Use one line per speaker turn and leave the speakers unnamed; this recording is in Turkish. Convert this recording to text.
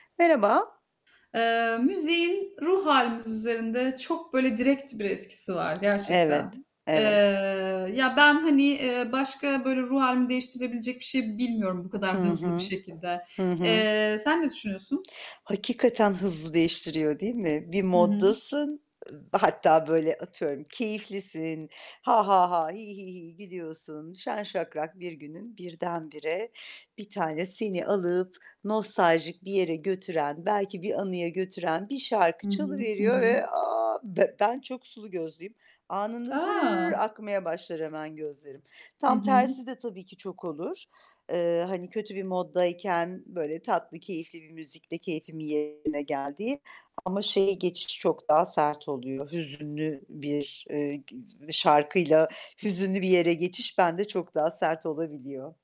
Merhaba.
Eee, müziğin ruh hâlimiz üzerinde çok böyle direkt bir etkisi var gerçekten.
Evet,
Eee,
evet.
ya ben, hani, eee, başka böyle ruh hâlimi değiştirebilecek bir şey bilmiyorum bu
Hı
kadar hızlı bir
hı.
şekilde.
Hı hı.
Eee, sen ne düşünüyorsun?
Hakikaten hızlı değiştiriyor, değil mi? Bir
Hı hı.
moddasın, hatta böyle atıyorum keyiflisin. Ha ha ha, hi hi hi gülüyorsun. Şen şakrak bir günün birdenbire bir tane seni alıp nostaljik bir yere götüren, belki bir anıya götüren bir şarkı
Hı hı. Hı
çalıveriyor
hı.
ve, a! B ben çok sulu gözlüyüm. Anında zırrr
A!
akmaya başlar hemen gözlerim.
Hı
Tam
hı.
tersi de tabii ki çok olur. Eee, hani kötü bir moddayken böyle tatlı, keyifli bir müzikle keyfimin yerine geldiği. Ama şeye geçişi çok daha sert oluyor. Hüzünlü bir, eee, g şarkıyla hüzünlü bir yere geçiş bende çok daha sert olabiliyor.